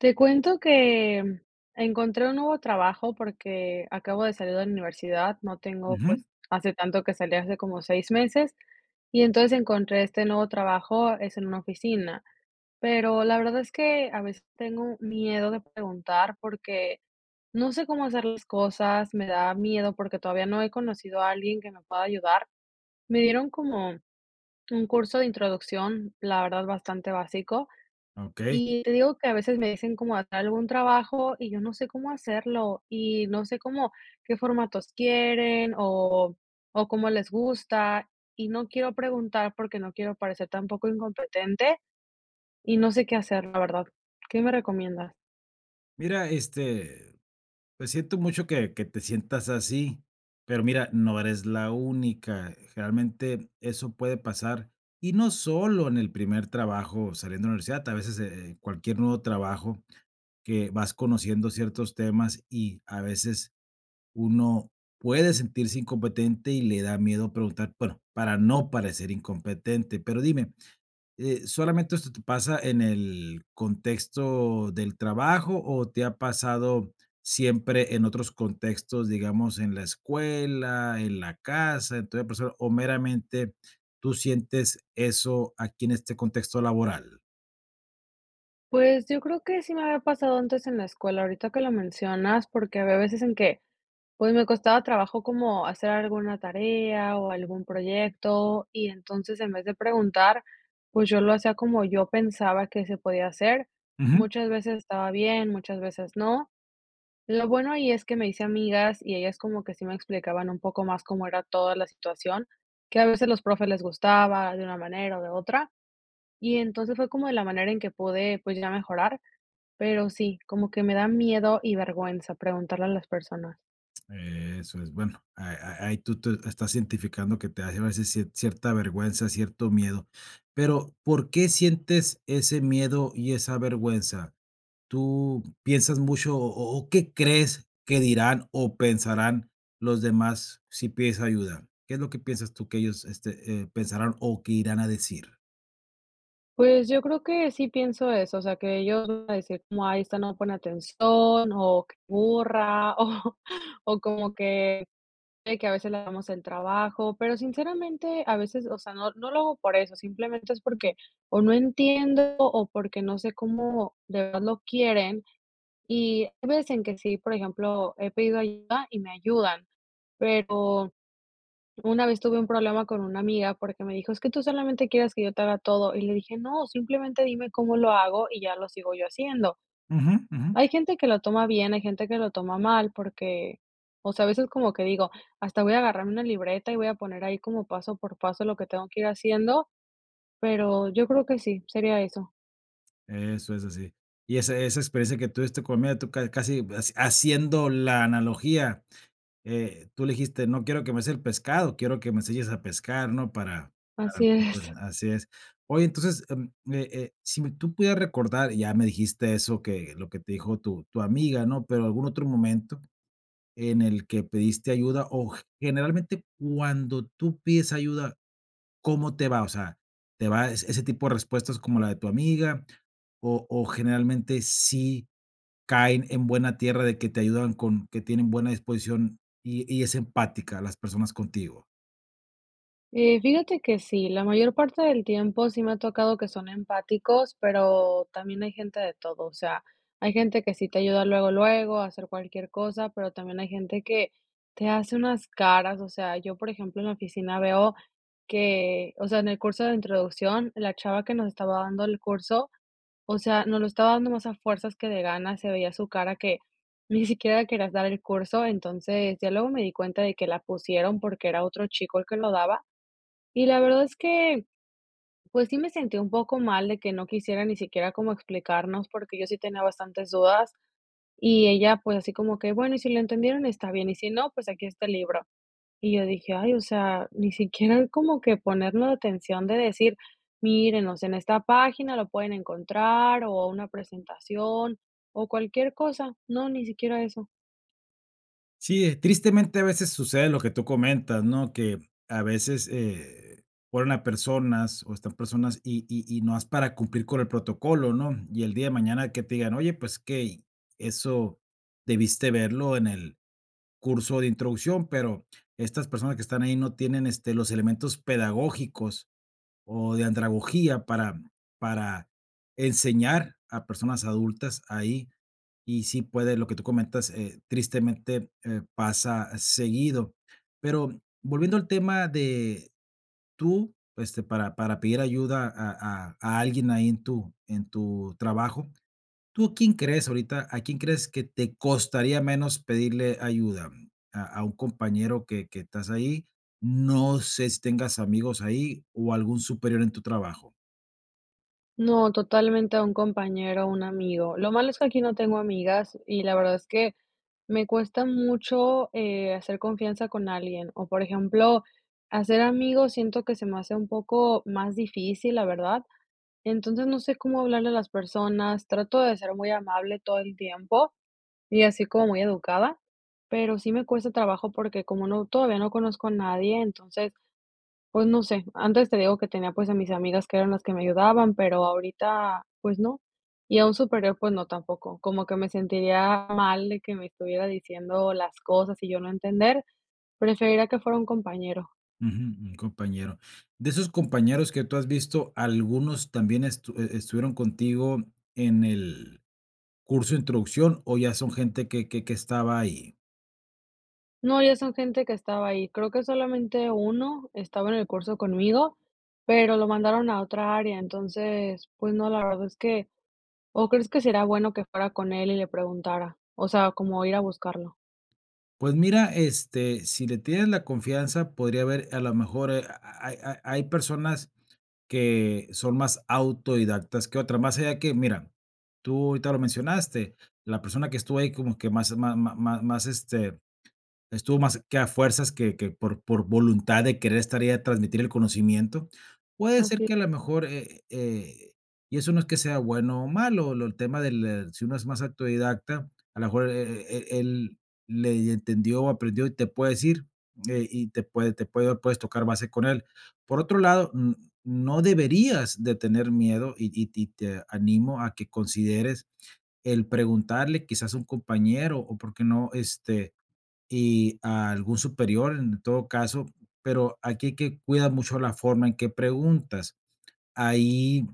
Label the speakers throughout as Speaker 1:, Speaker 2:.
Speaker 1: Te cuento que encontré un nuevo trabajo porque acabo de salir de la universidad, no tengo,
Speaker 2: Ujú.
Speaker 1: pues, hace tanto que salí, hace como 6 meses. Y entonces encontré este nuevo trabajo, es en una oficina, pero la verdad es que a veces tengo miedo de preguntar porque, no sé cómo hacer las cosas, me da miedo porque todavía no he conocido a alguien que me pueda ayudar. Me dieron como un curso de introducción, la verdad bastante básico.
Speaker 2: Okey.
Speaker 1: Y te digo que a veces me dicen como a tal algún trabajo, y yo no sé cómo hacerlo, y no sé cómo qué formatos quieren, o o, cómo les gusta, y no quiero preguntar porque no quiero parecer tampoco incompetente, y no sé qué hacer, la verdad. ¿Qué me recomiendas?
Speaker 2: Mira, este, pues, siento mucho que que te sientas así. Pero mira, no eres la única. Generalmente, eso puede pasar. Y no solo en el primer trabajo saliendo de la universidad, a veces, eh, cualquier nuevo trabajo, que vas conociendo ciertos temas, y a veces, uno puede sentirse incompetente y le da miedo preguntar, bueno, para no parecer incompetente. Pero dime, eh, ¿solamente esto te pasa en el contexto del trabajo, o, te ha pasado siempre en otros contextos? Digamos, en la escuela, en la casa. Entonces, por eso ¿O meramente tú sientes eso aquí en este contexto laboral?
Speaker 1: Pues, yo creo que sí me había pasado antes en la escuela, ahorita que lo mencionas, porque había veces en que, pues, me costaba trabajo como hacer alguna tarea o algún proyecto y entonces en vez de preguntar, pues, yo lo hacía como yo pensaba que se podía hacer.
Speaker 2: Ujú.
Speaker 1: Muchas veces estaba bien, muchas veces no. Lo bueno ahí es que me hice amigas y ellas como que sí me explicaban un poco más cómo era toda la situación, que a veces los profes les gustaba de una manera o de otra. Y entonces fue como de la manera en que pude, pues, ya mejorar. Pero sí, como que me da miedo y vergüenza preguntarle a las personas.
Speaker 2: Eso es, bueno, a a ahí tú tú estás identificando que te hace a veces cier cierta vergüenza, cierto miedo. Pero, ¿por qué sientes ese miedo y esa vergüenza? ¿Tú piensas mucho o o o qué crees que dirán o pensarán los demás si pides ayuda? ¿Qué es lo que piensas tú que ellos, este, eh, pensarán o qué irán a decir?
Speaker 1: Pues yo creo que sí pienso eso, o sea, que ellos van a decir, como ay esta no pone atención o c burra, o o como que eh, que a veces le hagamos el trabajo. Pero sinceramente, a veces, o sea, no no lo hago por eso, simplemente es porque o no entiendo o porque no sé cómo de verdad lo quieren, y hay veces en que sí, por ejemplo, he pedido ayuda y me ayudan. Pero una vez tuve un problema con una amiga porque me dijo: "Es que tú solamente quieres que yo te haga todo". Y le dije: "No, simplemente dime cómo lo hago y ya lo sigo yo haciendo".
Speaker 2: Ujú. Ujú.
Speaker 1: Hay gente que lo toma bien, hay gente que lo toma mal porque o sea, a veces como que digo: "hasta voy a agarrar una libreta y voy a poner ahí como paso por paso lo que tengo que ir haciendo", pero yo creo que sí, sería eso.
Speaker 2: Eso es así. Y esa esa experiencia que tuviste con miedo, tú ca casi, eh, haciendo la analogía, eh, tú le dijiste: "No quiero que me des el pescado, quiero que me se enseñes a pescar", ¿no? Para para no
Speaker 1: Así es.
Speaker 2: [unintelligible] así es. Oye, entonces, em, me eh, si me tú pudieras recordar, ya me dijiste eso, que lo que te dijo tu tu amiga, ¿no? Pero algún otro momento en el que pediste ayuda, o, g generalmente cuando tú pides ayuda, ¿cómo te va? O sea, ¿te va e ese tipo de respuestas como la de tu amiga, o o, generalmente sí caen en buena tierra de que te ayudan con que tienen buena disposición, y y es empática, las personas contigo?
Speaker 1: Eh, fíjate que sí, la mayor parte del tiempo sí me ha tocado que son empáticos, pero también hay gente de todo. O sea, hay gente que sí te ayuda luego, luego a hacer cualquier cosa, pero también hay gente que te hace unas caras. O sea, yo por ejemplo en la oficina veo que o sea, en el curso de introducción la chava que nos estaba dando el curso, o sea, nos lo estaba dando más a fuerzas que de ganas. Se veía su cara que ni siquiera quería dar el curso. Entonces, ya luego me di cuenta de que la pusieron, porque era otro chico el que lo daba. Y la verdad es que, pues, sí me sentí un poco mal de que no quisiera ni siquiera como explicarnos, porque yo sí tenía bastantes dudas, y ella, pues, así como que: "Bueno, y si lo entendieron, está bien, y si no, pues, aquí está el libro". Y yo dije: "Ay, o sea, ni siquiera como que ponernos la atención" de decir: "Miren, o sea, en esta página lo pueden encontrar, o, una presentación, o, cualquier cosa". No, ni siquiera eso.
Speaker 2: Sí, ¿eh? Tristemente, a veces sucede lo que tú comentas, ¿no? Que a veces, eh, ponen a personas o están personas, y y y nomás para cumplir con el protocolo, ¿no? Y el día de mañana que te digan: "Oye, ¿pues qué?". Y eso debiste verlo en el curso de introducción, pero, estas personas que están ahí no tienen, este, los elementos pedagógicos o de andragogía para para enseñar a personas adultas ahí. Y sí puede, lo que tú comentas, eh, tristemente, eh, pasa seguido. Pero volviendo al tema de tú, este, para para pedir ayuda a a a alguien ahí en tu en tu trabajo. ¿Tú quién crees ahorita a quién crees que te costaría menos pedirle ayuda? ¿A a un compañero que que estás ahí? No sé si tengas amigos ahí o, ¿algún superior en tu trabajo?
Speaker 1: No, totalmente a un compañero, un amigo. Lo malo es que aquí no tengo amigas y, la verdad, es que me cuesta mucho, eh, hacer confianza con alguien o, por ejemplo, hacer amigos siento que se me hace un poco más difícil la verdad. Entonces, no sé cómo hablarle a las personas trato de ser muy amable todo el tiempo y así como muy educada, pero sí me cuesta trabajo porque como no todavía no conozco a nadie, entonces, pues no sé, antes te digo que tenía pues a mis amigas que eran las que me ayudaban, pero ahorita pues no. Y a un superior, pues no, tampoco. Como que me sentiría mal de que me estuviera diciendo las cosas y yo no entender. Preferiría que fuera un compañero.
Speaker 2: Ujú. Un compañero. ¿De esos compañeros que tú has visto, algunos también estu e estuvieron contigo en el curso de introducción, o ya son gente que que que estaba ahí?
Speaker 1: No, ya son gente que estaba ahí, creo que solamente 1 estaba en el curso conmigo, pero lo mandaron a otra área. Entonces, pues no, la verdad es que ¿o crees que será bueno que fuera con él y le preguntara? O sea, como ir a buscarlo.
Speaker 2: Pues mira, este, si le tienes la confianza podría haber a la mejor, eh, ha ha hay ha hay personas que son más autodidactas que otras, más allá que mira, tú ahorita lo mencionaste, la persona que estuvo ahí como que más ma ma ma más, este, estuvo más que a fuerzas que que por por voluntad de querer estar y de transmitir el conocimiento. Puede ser
Speaker 1: Así
Speaker 2: que a la mejor, eh eh, y eso no es que sea bueno o malo, lo del tema del, eh, si uno es más autodidacta, a la mejor é é é él, le y entendió o aprendió, y te puede decir, eh, y te puede te puede, o puedes tocar base con él. Por otro lado, n no deberías de tener miedo, y y y te animo a que consideres el preguntarle quizás a un compañero o, ¿por qué no?, este, y algún superior en todo caso, pero, aquí hay que cuidar mucho la forma en que preguntas. Ahí,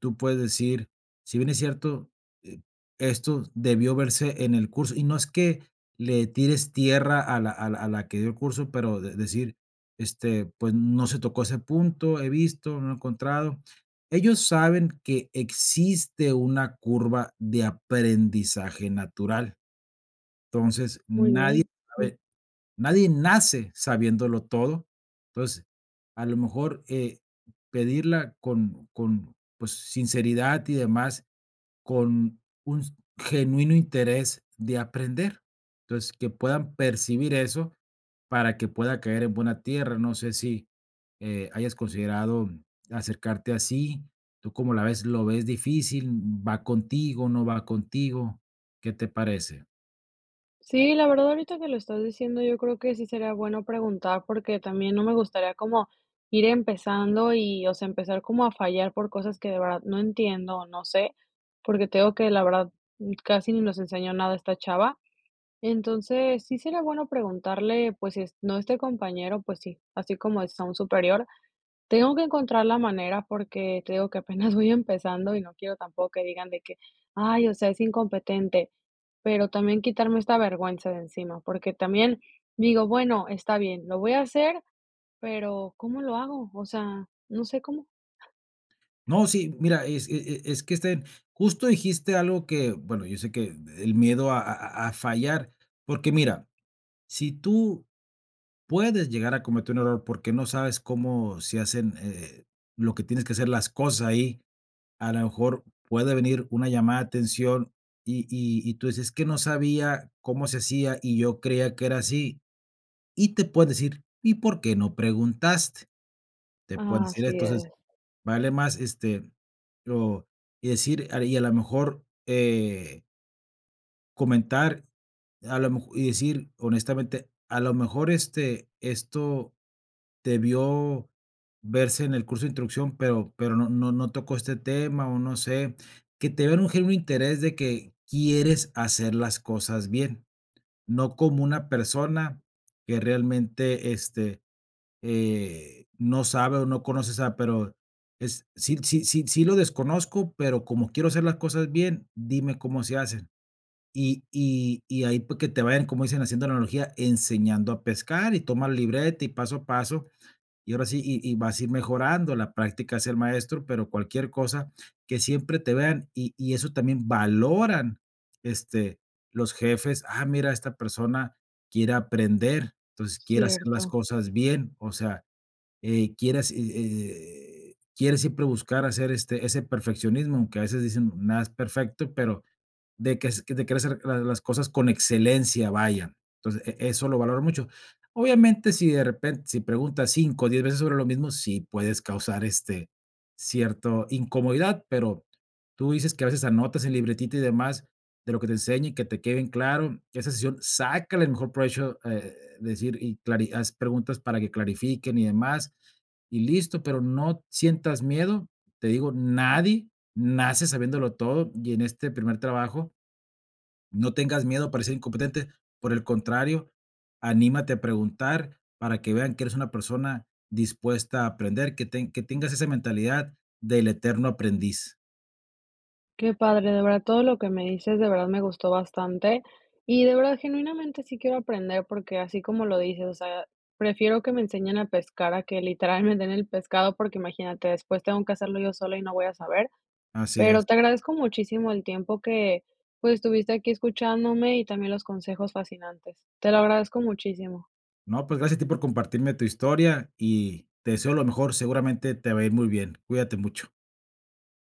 Speaker 2: tú puedes decir, si bien es cierto, eh, esto debió verse en el curso y no es que le tires tierra a la a la a la que dio el curso, pero de decir, este, pues no se tocó ese punto, he visto, no he encontrado. Ellos saben que existe una curva de aprendizaje natural. Entonces,
Speaker 1: Muy
Speaker 2: nadie
Speaker 1: bien. [unintelligible]
Speaker 2: sabe nadie nace sabiéndolo todo. Entonces, a lo mejor eh, pedirla con con, pues, sinceridad y demás, con un genuino interés de aprender. Entonces, que puedan percibir eso para que pueda caer en buena tierra. No sé si, eh, hayas considerado acercarte así. ¿Tú como la ves? ¿Lo ves difícil? ¿Va contigo? ¿No va contigo? ¿Qué te parece?
Speaker 1: Sí, la verdad ahorita que lo estás diciendo yo creo que sí sería bueno preguntar porque también no me gustaría como, ir empezando, y, o sea, empezar como a fallar por cosas que de verdad no entiendo, o, no sé, porque te digo que la verdad, mm, casi ni nos enseñó nada esta chava. Entonces sí sería bueno preguntarle pues, es no este compañero, pues sí, así como es a un superior. Tengo que encontrar la manera porque te digo que apenas voy empezando, y no quiero tampoco que digan de que: "Ay, o sea, es incompetente". Pero también quitarme esta vergüenza de encima, porque también, digo: "Bueno, está bien, lo voy a hacer". Pero ¿cómo lo hago? O sea, no sé cómo.
Speaker 2: No, sí, mira, es e e es que es que, este, justo dijiste algo que, bueno, yo sé que el miedo a a a fallar. Porque mira, si tú puedes llegar a cometer un error porque no sabes cómo se hacen, eh, lo que tienes que hacer las cosas ahí, a lo mejor puede venir una llamada de atención, y y y tú dices: "Es que no sabía cómo se hacía, y yo creía que era así". Y te pueden decir: "¿Y por qué no preguntaste?", te pueden
Speaker 1: Ah,
Speaker 2: decir.
Speaker 1: así
Speaker 2: Entonces,
Speaker 1: es.
Speaker 2: vale más, este, lo y decir, y a lo mejor, eh comentar, a lo mejo y decir: "Honestamente, a lo mejor, este, esto, debió, verse en el curso de introducción, pero pero no no no tocó este tema, o, no sé". Que te vean un genuino interés de que quieres hacer las cosas bien. No como una persona, que realmente, este, eh, no sabe, o, no conoce, o sea, pero es: "sí sí sí sí lo desconozco, pero como quiero hacer las cosas bien, dime cómo se hacen". Y y y, ahí pues, que te vayan, como dicen, haciendo analogía, enseñando a pescar, y toma libreta, y paso a paso. Y ahora sí, y y vas a ir mejorando la práctica, hace al maestro, pero cualquier cosa que siempre te vean. Y y eso también valoran, este, los jefes, ah, mira, esta persona quiere aprender, entonces quiere hacer las
Speaker 1: Cierto.
Speaker 2: cosas bien, o sea, eh, quiere hace e e quiere siempre buscar hacer, este, ese perfeccionismo, aunque a veces decimos: "Nada es perfecto, pero de ques de querer hacer la las cosas con excelencia, vaya". Entonces, e eso lo valoran mucho. Obviamente, si de repen si preguntas 5, o, 10 veces sobre lo mismo, sí puedes causar, este, cierto incomodidad, pero, tu dices que a veces anotas en libretita, y demás de lo que te enseña, y que te quede en claro. Que esa sesión sácale el mejor provecho, eh, de decir y clari haz preguntas para que clarifiquen y demás, y listo. Pero, no sientas miedo, te digo, nadie nace sabiéndolo todo, y en este primer trabajo no tengas miedo a parecer incompetente, por el contrario, anímate a preguntar, para que vean que eres una persona dispuesta a aprender, que teng que tengas esa mentalidad, del eterno aprendiz.
Speaker 1: Qué padre, de verdad todo lo que me dices. De verdad me gustó bastante y de verdad, genuinamente, sí quiero aprender porque así como lo dices, o sea, prefiero que me enseñen a pescar a que literal me den el pescado, porque imagínate, después tengo que hacerlo yo sola y no voy a saber.
Speaker 2: Así es.
Speaker 1: Pero te agradezco muchísimo el tiempo que, pues, estuviste aquí escuchándome y también los consejos fascinantes. Te lo agradezco muchísimo.
Speaker 2: No, pues gracias a ti por compartirme tu historia, y te deseo lo mejor, seguramente te va a ir muy bien, cuídate mucho.